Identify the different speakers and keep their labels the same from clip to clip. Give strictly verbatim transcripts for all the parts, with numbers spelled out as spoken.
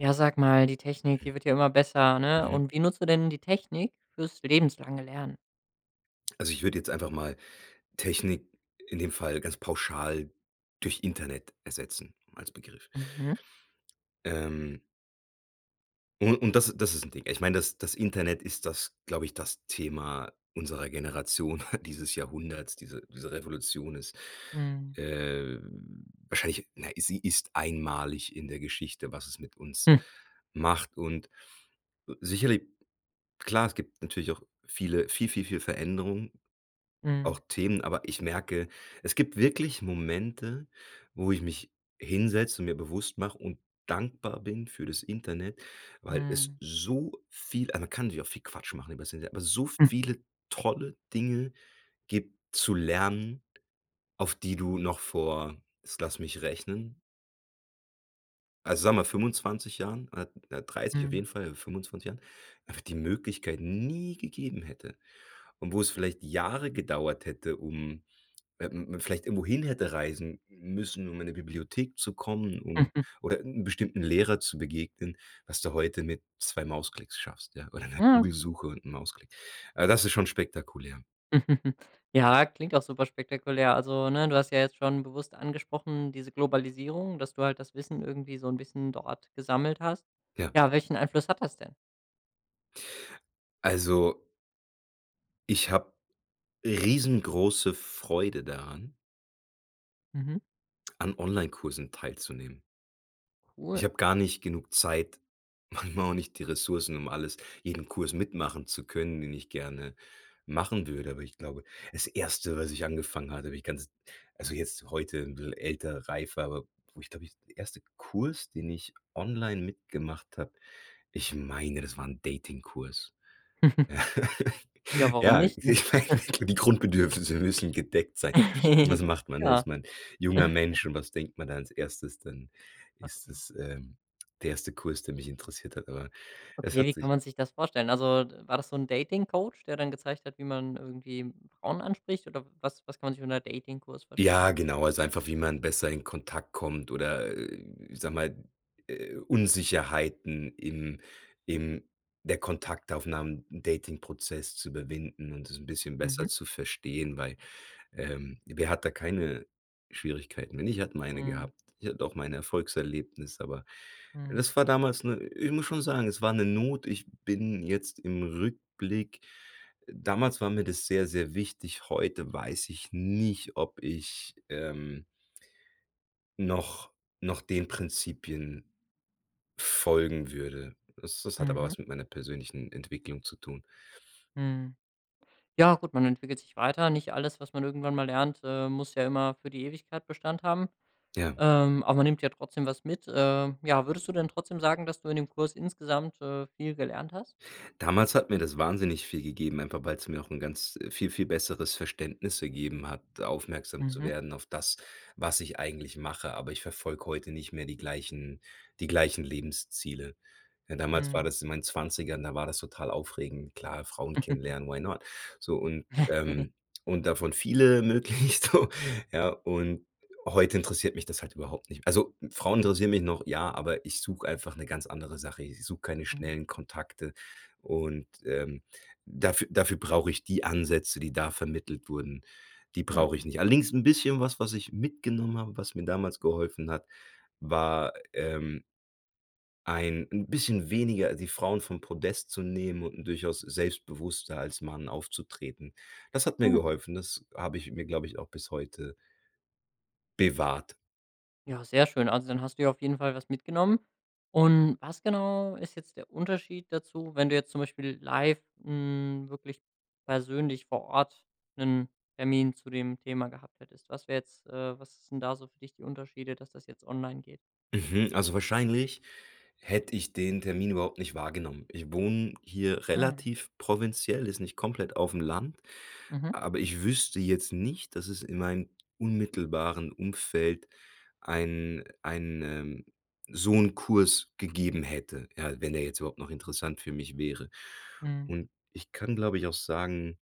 Speaker 1: Ja, sag mal, die Technik,
Speaker 2: Hm.
Speaker 1: die wird ja immer besser, ne?
Speaker 2: Mhm.
Speaker 1: Und wie nutzt du denn die Technik fürs lebenslange Lernen?
Speaker 2: Also, ich würde jetzt einfach mal „Technik“ in dem Fall ganz pauschal durch „Internet“ ersetzen als Begriff.
Speaker 1: Mhm.
Speaker 2: Ähm. Un und das das ist 'n Ding. Ich meine, das das Internet ist das glaube ich, das Thema unserer Generation, dieses Jahrhunderts. Diese diese Revolution ist,
Speaker 1: Mhm.
Speaker 2: ähm, wahrscheinlich na, sie ist einmalig in der Geschichte, was es mit uns macht, und sicherlich klar, es gibt natürlich auch viele viel, viel, viel Veränderungen, auch
Speaker 1: Mhm.
Speaker 2: Themen. Aber ich merke, es gibt wirklich Momente, wo ich mich hinsetze und mir bewusst mache und dankbar bin für das Internet, weil es
Speaker 1: Mhm.
Speaker 2: so viel aber man kann natürlich auch viel Quatsch machen übers Internet aber so
Speaker 1: Hm.
Speaker 2: viele tolle Dinge gibt zu lernen, auf die du noch vor jetzt lass mich rechnen also, sagen wir mal fünfundzwanzig Jahren o oder dreißig auf
Speaker 1: Mhm.
Speaker 2: jeden Fall fünfundzwanzig Jahren, einfach die Möglichkeit nie gegeben hätte, und wo es vielleicht Jahre gedauert hätte, um man vielleicht wohin hätte reisen müssen, um in 'ne Bibliothek zu kommen um oder 'n bestimmten Lehrer zu begegnen, was du heute mit zwei Mausklicks schaffst, ja, oder 'ner
Speaker 1: Ah, okay.
Speaker 2: Google-Suche und 'n Mausklick. Ah, das ist schon spektakulär.
Speaker 1: Ja, klingt auch super spektakulär. Also ne, du hast ja jetzt schon bewusst angesprochen, diese Globalisierung, dass du halt das Wissen irgendwie so ‘n bisschen dort gesammelt hast.
Speaker 2: Ja.
Speaker 1: Ja, welchen Einfluss hat das denn?
Speaker 2: Also ich habe riesengroße Freude daran
Speaker 1: Mhm.
Speaker 2: an Onlinekursen teilzunehmen.
Speaker 1: Cool.
Speaker 2: Ich habe gar nicht genug Zeit, manchmal auch nicht die Ressourcen, um alles jeden Kurs mitmachen zu können, den ich gerne machen würde, aber ich glaube das Erste was ich angefangen hatte, habe ich ganz also jetzt, heute, ‘n bißchen älter, reifer aber, wo ich glaube ich der erste Kurs den ich online mitgemacht habe, ich meine, das war ‘n Dating-Kurs.
Speaker 1: Ja, warum
Speaker 2: Ja,
Speaker 1: nicht, ne?
Speaker 2: ich meine, die Grundbedürfnisse müssen gedeckt sein. Was macht man
Speaker 1: Ja.
Speaker 2: erstmal junger Mensch und was denkt man dann als Erstes, dann ist
Speaker 1: Okay.
Speaker 2: es, ähm, der erste Kurs der mich interessiert hat, aber es
Speaker 1: Okay, wie
Speaker 2: hat sich
Speaker 1: kann man sich das vorstellen? Also, war das so ‘n Dating-Coach, der dann gezeigt hat wie man irgendwie Frauen anspricht oder was was kann man sich unter Dating-Kurs vorstellen?
Speaker 2: Ja, genau, also einfach wie man besser in Kontakt kommt oder, äh, ich sage mal, äh, Unsicherheiten im im der Kontaktaufnahmen, im Dating Prozess zu überwinden und das ‘n bisschen
Speaker 1: Mhm.
Speaker 2: besser zu verstehen, weil, ähm, wer hat da keine Schwierigkeiten und ich habe meine
Speaker 1: Mhm.
Speaker 2: gehabt. Ich hatte auch mein Erfolgs-Erlebnis, aber
Speaker 1: Mhm.
Speaker 2: das war damals ‘ne ich muss schon sagen, es war ‘ne Not, ich bin jetzt im Rückblick damals war mir das sehr, sehr wichtig, heute weiß ich nicht, ob ich, ähm noch noch den Prinzipien folgen würde. Das das hat aber
Speaker 1: Mhm.
Speaker 2: was mit meiner persönlichen Entwicklung zu tun.
Speaker 1: Mhm. Ja gut, man entwickelt sich weiter, nicht alles, was man irgendwann mal lernt, ähm, muss ja immer für die Ewigkeit Bestand haben.
Speaker 2: Ja.
Speaker 1: Ähm, aber man nimmt ja trotzdem was mit. Äh, ja, würdest du denn trotzdem sagen, dass du in dem Kurs insgesamt, äh, viel gelernt hast?
Speaker 2: Damals hat mir das wahnsinnig viel gegeben, einfach weil‘s mir auch ‘n ganz äh, viel, viel besseres Verständnis gegeben hat, aufmerksam zu
Speaker 1: Mhm.
Speaker 2: werden auf das, was ich eigentlich mache, aber ich verfolge heute nicht mehr die gleichen die gleichen Lebensziele. Ne, damals war
Speaker 1: Mhm.
Speaker 2: das in meinen Zwanzigern, da war das total aufregend. Klar, Frauen kennenlernen, why not? So, und, ähm und davon viele möglichst, so, ja? Und, heute interessiert mich das halt überhaupt nicht. Also, Frauen interessieren mich noch, ja, aber ich suche einfach ‘ne ganz andere Sache. Ich suche keine
Speaker 1: Mhm.
Speaker 2: schnellen Kontakte und ähm, dafü dafür brauche ich die Ansätze, die da vermittelt wurden, die brauche ich
Speaker 1: Mhm.
Speaker 2: nicht. Allerdings ‘n bisschen was was ich mitgenommen habe, was mir damals geholfen hat, war, ähm, ein ‘n bisschen weniger die Frauen vom Podest zu nehmen und ‘n durchaus selbstbewusster als Mann aufzutreten. Das hat mir
Speaker 1: Mhm.
Speaker 2: geholfen. Das habe ich mir glaube ich, auch bis heute bewahrt.
Speaker 1: Ja, sehr schön. Also, dann hast du ja auf jeden Fall was mitgenommen. Und was genau ist jetzt der Unterschied dazu, wenn du jetzt zum Beispiel live, hm, wirklich persönlich vor Ort 'nen Termin zu dem Thema gehabt hättest? Was wär jetzt äh, was sind da so für dich die Unterschiede, dass das jetzt online geht?
Speaker 2: Mhm. Also, wahrscheinlich hätte ich den Termin überhaupt nicht wahrgenommen. Ich wohne hier
Speaker 1: Ah.
Speaker 2: relativ provinziell, ist nicht komplett aufm Land,
Speaker 1: Mhm.
Speaker 2: aber ich wüsste jetzt nicht, dass es in meinem unmittelbaren Umfeld ein einen, ähm so 'n Kurs gegeben hätte. Ja, wenn der jetzt überhaupt noch interessant für mich wäre.
Speaker 1: Mhm.
Speaker 2: Und ich kann, glaube ich, auch sagen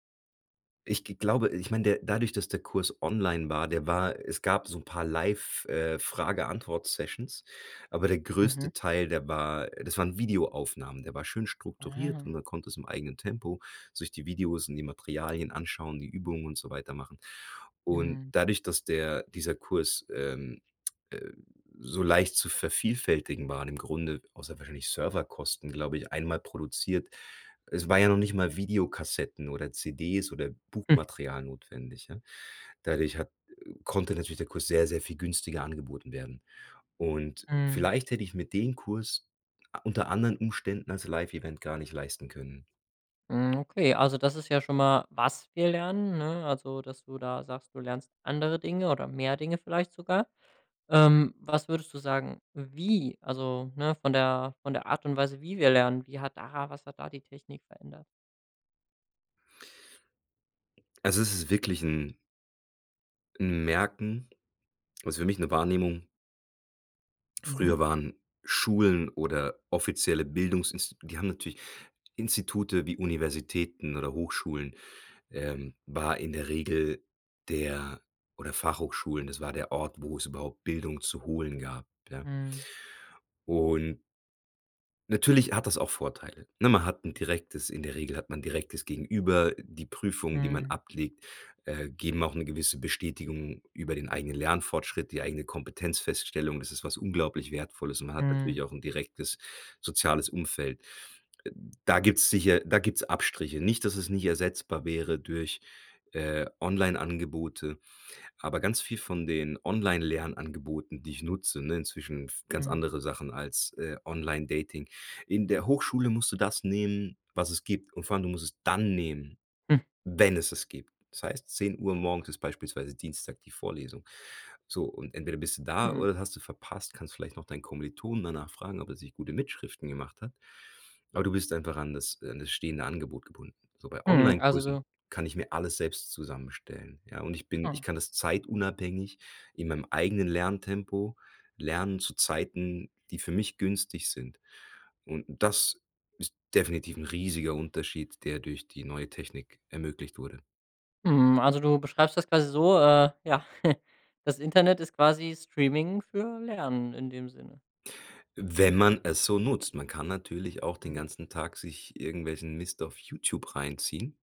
Speaker 2: ich g glaube ich meine der dadurch, dass der Kurs online war der war es gab so 'n paar Live äh, Frage-Antwort-Sessions, aber der
Speaker 1: Mhm.
Speaker 2: größte Teil, der war das waren Videoaufnahmen. Der war schön strukturiert
Speaker 1: Ah.
Speaker 2: und man konnte es im eigenen Tempo sich die Videos und die Materialien anschauen, die Übungen und so weiter machen. Und
Speaker 1: Mhm.
Speaker 2: dadurch, dass der dieser Kurs, ähm, äh, so leicht zu vervielfältigen waren im Grunde, außer wahrscheinlich Serverkosten, glaube ich, einmal produziert. Es war ja noch nicht mal Videokassetten oder CDs oder Buchmaterial notwendig, ja. Dadurch hat konnte natürlich der Kurs sehr, sehr viel günstiger angeboten werden, und
Speaker 1: Mhm.
Speaker 2: vielleicht hätte ich mir den Kurs a unter anderen Umständen als Live-Event gar nicht leisten können.
Speaker 1: Mhm, okay, also das ist ja schon mal was wir lernen, ne? Also dass du da sagst, du lernst andere Dinge oder mehr Dinge vielleicht sogar. Ähm, was würdest du sagen, wie, also, ne, von der von der Art und Weise, wie wir lernen, wie hat da was hat da die Technik verändert?
Speaker 2: Also, es ist wirklich ‘n ‘n Merken, was für mich ‘ne Wahrnehmung
Speaker 1: Mhm.
Speaker 2: früher waren Schulen oder offizielle Bildungsinsti die haben natürlich Institute wie Universitäten oder Hochschulen, äh, war in der Regel der oder Fachhochschulen, das war der Ort, wo es überhaupt Bildung zu holen gab. Ja?
Speaker 1: Mhm.
Speaker 2: Un natürlich hat das auch Vorteile, ne, man hat ‘n direktes in der Regel hat man direktes Gegenüber, die Prüfungen, die man
Speaker 1: Mhm.
Speaker 2: ablegt, äh, geben auch ‘ne gewisse Bestätigung über den eigenen Lernfortschritt, die eigene Kompetenzfeststellung, das ist was unglaublich Wertvolles und man hat natürlich
Speaker 1: Mhm.
Speaker 2: auch ‘n direktes, soziales Umfeld. Äh, da gibt's sicher da gibt's Abstriche. Nicht, dass es nicht ersetzbar wäre durch, äh, Online-Angebote, aber ganz viel von den Online-Lernangeboten, die ich nutze, ne inzwischen ganz
Speaker 1: Mhm.
Speaker 2: andere Sachen als, äh, Online-Dating in der Hochschule musst du das nehmen, was es gibt, und vor allem, du musst es dann nehmen,
Speaker 1: Hm.
Speaker 2: wenn es es gibt. Das heißt, zehn Uhr morgens ist beispielsweise Dienstag die Vorlesung, so, und entweder bist du da
Speaker 1: Hm.
Speaker 2: oder das hast du verpasst, kannst vielleicht noch deinen Kommilitonen danach fragen, ob er sich gute Mitschriften gemacht hat, aber du bist einfach an das an das stehende Angebot gebunden. So, bei
Speaker 1: Hm, also
Speaker 2: Onlinekursen
Speaker 1: du
Speaker 2: kann ich mir alles selbst zusammenstellen, ja, und ich bin
Speaker 1: Mhm.
Speaker 2: ich kann das zeitunabhängig in meinem eigenen Lerntempo lernen, zu Zeiten, die für mich günstig sind und das ist definitiv ‘n riesiger Unterschied, der durch die neue Technik ermöglicht wurde.
Speaker 1: Mhm, also du beschreibst das quasi so, äh ja, das Internet ist quasi Streaming für Lernen in dem Sinne.
Speaker 2: Wenn man es so nutzt. Man kann natürlich auch den
Speaker 1: Mhm.
Speaker 2: ganzen Tag sich irgendwelchen Mist auf YouTube reinziehen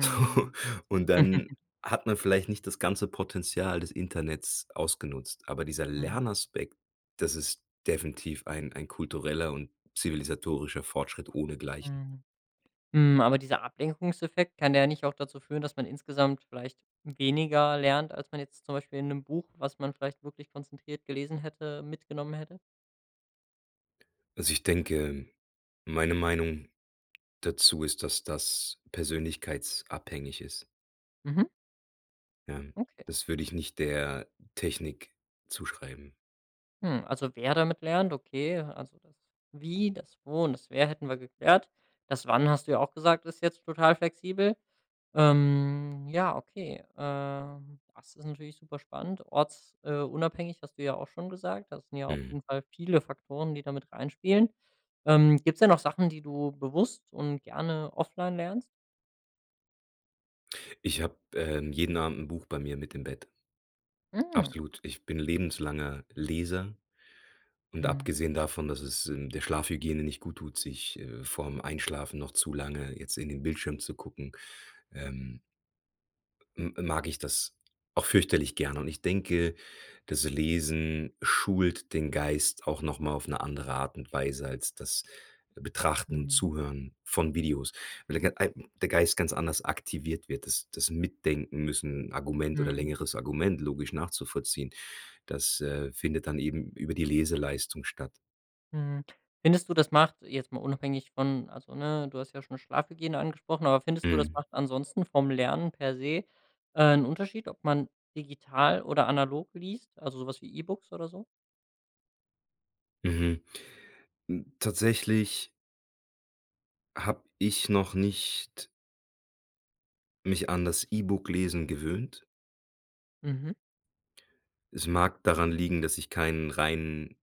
Speaker 2: und dann hat man vielleicht nicht das ganze Potenzial des Internets ausgenutzt. Aber dieser
Speaker 1: Mhm.
Speaker 2: Lernaspekt, das ist definitiv ein ein kultureller und zivilisatorischer Fortschritt ohnegleichen.
Speaker 1: Mhm. Hm, aber dieser Ablenkungseffekt kann der nicht auch dazu führen, dass man insgesamt vielleicht weniger lernt, als man jetzt zum Beispiel in ‘nem Buch, was man vielleicht wirklich konzentriert gelesen hätte, mitgenommen hätte?
Speaker 2: Also, ich denke, meine Meinung dazu ist, dass das persönlichkeitsabhängig ist.
Speaker 1: Mhm.
Speaker 2: Ähm,
Speaker 1: Okay.
Speaker 2: das würde ich nicht der Technik zuschreiben.
Speaker 1: Mhm, also, wer damit lernt, okay. Also, das „Wie”, das „Wo” und das „Wer” hätten wir geklärt. Das „Wann” hast du ja auch gesagt, ist jetzt total flexibel. Ähm, ja, okay. Äh, das ist natürlich super spannend. Orts äh, unabhängig hast du ja auch schon gesagt. Das sind ja auf
Speaker 2: Mhm.
Speaker 1: jeden Fall viele Faktoren, die da mit reinspielen. Ähm, gibt's denn noch Sachen, die du bewusst und gerne offline lernst?
Speaker 2: Ich habe, ähm, jeden Abend 'n Buch bei mir mit im Bett.
Speaker 1: Mhm.
Speaker 2: Absolut. Ich bin lebenslanger Leser und
Speaker 1: Mhm.
Speaker 2: abgesehen davon, dass es, ähm, der Schlafhygiene nicht guttut, sich äh, vorm Einschlafen noch zu lange jetzt in den Bildschirm zu gucken, ähm m mag ich das auch fürchterlich gerne. Und ich denke, das Lesen schult den Geist auch noch mal auf 'ne andere Art und Weise als das Betrachten und
Speaker 1: Mhm.
Speaker 2: Zuhören von Videos, weil der g gei der Geist ganz anders aktiviert wird, das das Mitdenken müssen, Argument oder
Speaker 1: Mhm.
Speaker 2: längeres Argument, logisch nachzuvollziehen, das, äh, findet dann eben über die Leseleistung statt.
Speaker 1: Mhm. Findest du, das macht, jetzt mal unabhängig von also, ne, du hast ja schon Schlafhygiene angesprochen, aber findest du, das
Speaker 2: Mhm.
Speaker 1: macht ansonsten vom Lernen per se, äh, ‘n Unterschied, ob man digital oder analog liest, also so was wie E-Books oder so?
Speaker 2: Mhm. Hm, tatsächlich habe ich noch nicht mich an das E-Book-Lesen gewöhnt.
Speaker 1: Mhm.
Speaker 2: Es mag daran liegen, dass ich keinen reinen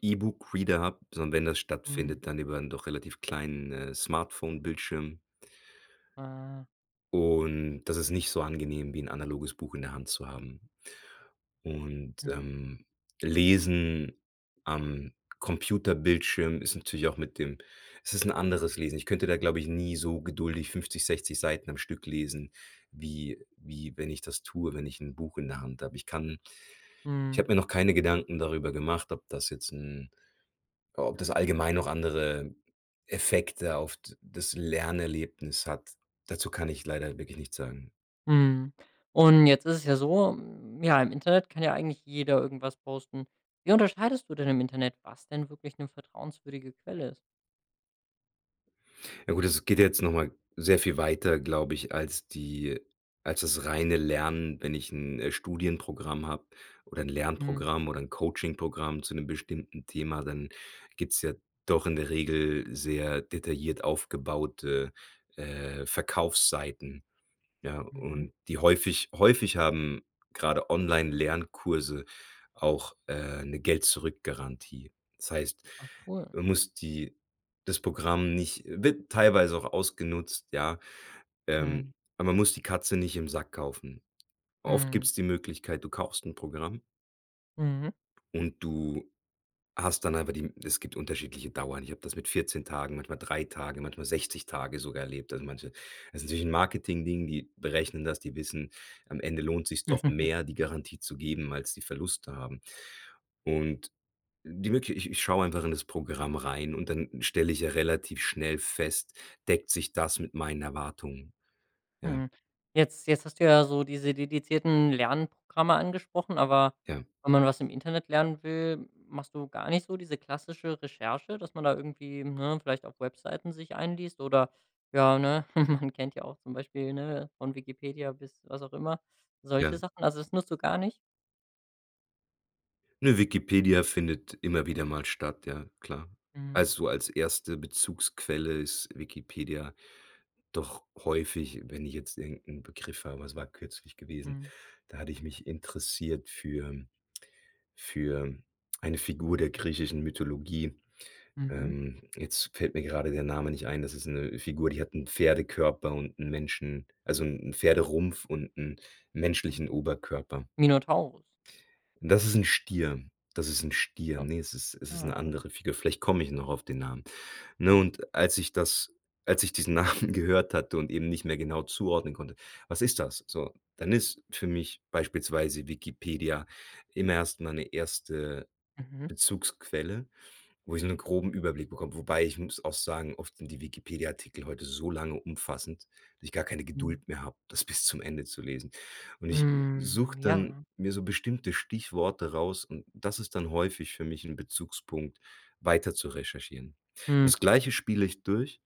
Speaker 2: E-Book-Reader habe, sondern wenn das
Speaker 1: Mhm.
Speaker 2: stattfindet, dann über ‘n doch relativ kleinen, äh, Smartphone-Bildschirm.
Speaker 1: Ah.
Speaker 2: Und, das ist nicht so angenehm, wie ‘n analoges Buch in der Hand zu haben. Und,
Speaker 1: Mhm.
Speaker 2: ähm, Lesen am Computerbildschirm ist natürlich auch mit dem es ist ‘n anderes Lesen, ich könnte da, glaube ich, nie so geduldig fünfzig, sechszig Seiten am Stück lesen, wie wie wenn ich das tue, wenn ich ‘n Buch in der Hand habe. Ich kann ich
Speaker 1: Mhm.
Speaker 2: habe mir noch keine Gedanken darüber gemacht, ob das jetzt ‘n ob das allgemein noch andere Effekte auf d das Lernerlebnis hat. Dazu kann ich leider wirklich nichts sagen.
Speaker 1: Mhm. Und, jetzt ist es ja so, ja, im Internet kann ja eigentlich jeder irgendwas posten. Wie unterscheidest du denn im Internet, was denn wirklich ‘ne vertrauenswürdige Quelle ist?
Speaker 2: Ja gut, das geht ja jetzt noch mal sehr viel weiter, glaube ich, als die als das reine Lernen, wenn ich 'n, äh, Studienprogramm habe oder 'n
Speaker 1: Mhm.
Speaker 2: Lernprogramm oder 'n Coaching-Programm zu 'nem bestimmten Thema. Dann gibt's ja doch in der Regel sehr detailliert aufgebaute, äh, Verkaufsseiten, ja,
Speaker 1: Mhm.
Speaker 2: und die häufig häufig haben grade Online-Lernkurse auch, äh, 'ne Geld-zurück-Garantie. Das heißt,
Speaker 1: Ah, cool.
Speaker 2: man muss die das Programm nicht wird teilweise auch ausgenutzt, ja, ähm,
Speaker 1: Mhm.
Speaker 2: aber man muss die Katze nicht im Sack kaufen. Oft
Speaker 1: Mhm.
Speaker 2: gibt's die Möglichkeit, du kaufst 'n Programm
Speaker 1: Mhm.
Speaker 2: und du hast dann einfach die es gibt unterschiedliche Dauern. Ich habe das mit vierzehn Tagen, manchmal drei Tagen, manchmal sechzig Tage sogar erlebt, dann manche. Das ist natürlich 'n Marketingding. Die berechnen das, die wissen, am Ende lohnt sich's doch mehr, die Garantie zu geben, als die Verluste haben. Und die Möglich i ich schaue einfach in das Programm rein und dann stelle ich ja relativ schnell fest: „Deckt sich das mit meinen Erwartungen?” Ja.
Speaker 1: Mhm. Jetzt jetzt hast du ja so diese dedizierten Lernprogramme angesprochen, aber
Speaker 2: Ja.
Speaker 1: wenn man was im Internet lernen will, machst du gar nicht so diese klassische Recherche, dass man da irgendwie, ne, vielleicht auf Webseiten sich einliest oder ja, ne? Man kennt ja auch zum Beispiel, ne, von Wikipedia bis was auch immer
Speaker 2: Ja.
Speaker 1: solche Sachen. Also, das nutzt du gar nicht?
Speaker 2: Ne, Wikipedia findet immer wieder mal statt, ja klar.
Speaker 1: Mhm.
Speaker 2: Also, als erste Bezugsquelle ist Wikipedia doch häufig wenn ich jetzt irgend 'n Begriff habe was war kürzlich gewesen?
Speaker 1: Mhm.
Speaker 2: Da hatte ich mich interessiert für für eine Figur der griechischen Mythologie.
Speaker 1: Mhm.
Speaker 2: Ähm, jetzt fällt mir gerade der Name nicht ein. Das ist 'ne Figur, die hat 'n Pferdekörper und 'n Menschen also 'n Pferderumpf und 'n menschlichen
Speaker 1: Mhm,
Speaker 2: Oberkörper.
Speaker 1: Minotaurus?
Speaker 2: Das ist 'n Stier. Das ist 'n Stier.
Speaker 1: Ja,
Speaker 2: Ne, es ist es ist
Speaker 1: ja,
Speaker 2: 'ne
Speaker 1: okay.
Speaker 2: andere Figur. Vielleicht komme ich noch auf den Namen. Ne,
Speaker 1: Ja.
Speaker 2: und als ich das als ich diesen Namen gehört hatte und eben nicht mehr genau zuordnen konnte: „Was ist das?” So, dann ist für mich beispielsweise Wikipedia immer erst meine erste
Speaker 1: Mhm.
Speaker 2: Bezugsquelle, wo ich 'nen groben Überblick bekomme. Wobei ich muss auch sagen, oft sind die Wikipedia Artikel heute so lange umfassend, dass ich gar keine
Speaker 1: Mhm.
Speaker 2: Geduld mehr habe, das bis zum Ende zu lesen. Und ich
Speaker 1: Mhm.
Speaker 2: suche dann
Speaker 1: Ja.
Speaker 2: mir so bestimmte Stichworte raus und das ist dann häufig für mich 'n Bezugspunkt, weiter zu recherchieren.
Speaker 1: Mhm.
Speaker 2: Das Gleiche spiele ich durch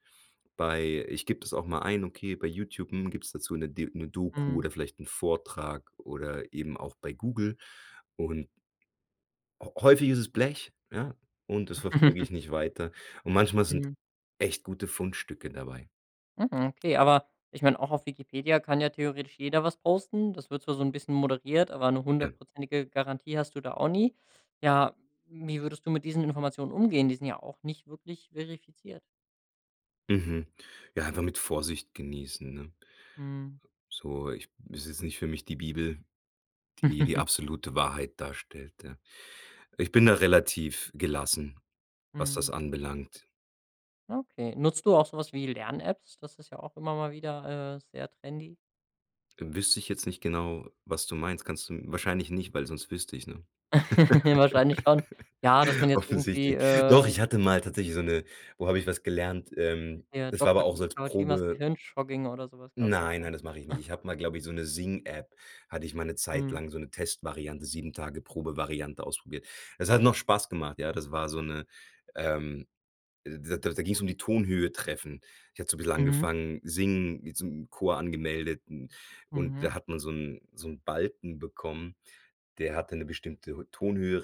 Speaker 2: bei ich gebe das auch mal ein, okay, bei YouTube, hm, gibt's dazu 'ne de 'ne Doku
Speaker 1: Mhm.
Speaker 2: oder vielleicht 'n Vortrag oder eben auch bei Google und häu häufig ist es Blech, ja, und das verfolge ich nicht weiter, und manchmal sind
Speaker 1: Mhm.
Speaker 2: echt gute Fundstücke dabei.
Speaker 1: Hm, okay, aber ich mein, auch auf Wikipedia, kann ja theoretisch jeder was posten. Das wird zwar so 'n bisschen moderiert, aber 'ne
Speaker 2: Ja.
Speaker 1: hundertprozentige Garantie hast du da auch nie. Ja, wie würdest du mit diesen Informationen umgehen? Die sind ja auch nicht wirklich verifiziert.
Speaker 2: Mhm. Ja, einfach mit Vorsicht genießen, ne?
Speaker 1: Mhm.
Speaker 2: So ich ist jetzt nicht für mich die Bibel, die die absolute Wahrheit darstellt, ja? Ich bin da relativ gelassen, was das
Speaker 1: Mhm.
Speaker 2: anbelangt.
Speaker 1: Okay. Nutzt du auch so was wie Lern-Apps? Das ist ja auch immer mal wieder, äh, sehr trendy.
Speaker 2: Wüsste ich jetzt nicht genau, was du meinst? Kannst du wahrscheinlich nicht, weil sonst wüsste ich es, ne?
Speaker 1: Wahrscheinlich schon. Ja, dass man jetzt irgendwie,
Speaker 2: Offensichtlich. Doch, ich
Speaker 1: ähm
Speaker 2: hatte mal tatsächlich so 'ne wo habe ich was gelernt Ähm,
Speaker 1: Ja,
Speaker 2: das war aber
Speaker 1: Doktor
Speaker 2: auch
Speaker 1: [unintelligible]
Speaker 2: so als Probe
Speaker 1: Kawashimas-Gehirnjogging oder so was gab's doch
Speaker 2: Nein, nein,
Speaker 1: mal.
Speaker 2: das mache ich nicht. Ich habe mal, glaube ich, so 'ne Sing-App hatte ich mal 'ne Zeit
Speaker 1: Mhm.
Speaker 2: lang, so 'ne Testvariante, sieben Tage Probevariante ausprobiert. Das hat noch Spaß gemacht, ja? Das war so 'ne, ähm äh, d da ging's um die Tonhöhe treffen. Ich hatte so 'n bisschen
Speaker 1: Mhm.
Speaker 2: angefangen, singen w zum Chor angemeldet, n und
Speaker 1: Mhm.
Speaker 2: da hat man so 'n so 'n Balken bekommen, der hatte 'ne bestimmte rü Tonhöhe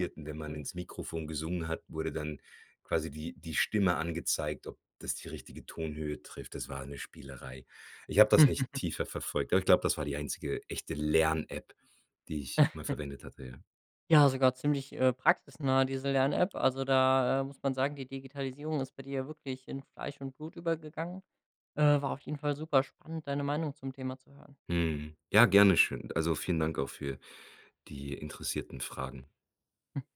Speaker 1: Ach,
Speaker 2: und wenn man
Speaker 1: cool.
Speaker 2: ins Mikrofon gesungen hat, wurde dann quasi die die Stimme angezeigt, ob das die richtige Tonhöhe trifft. Das war 'ne Spielerei. Ich habe das nicht tiefer verfolgt, aber ich glaube, das war die einzige echte Lern-App, die ich mal verwendet hatte, ja.
Speaker 1: Ja, sogar ziemlich, äh, praxisnah diese Lern-App. Also da, äh, muss man sagen, die Digitalisierung ist bei dir ja wirklich in Fleisch und Blut übergegangen. Äh, war auf jeden Fall super spannend, deine Meinung zum Thema zu hören.
Speaker 2: Mhm. Ja, gerne, schön Also, vielen Dank auch für die interessierten Fragen.
Speaker 1: Ja.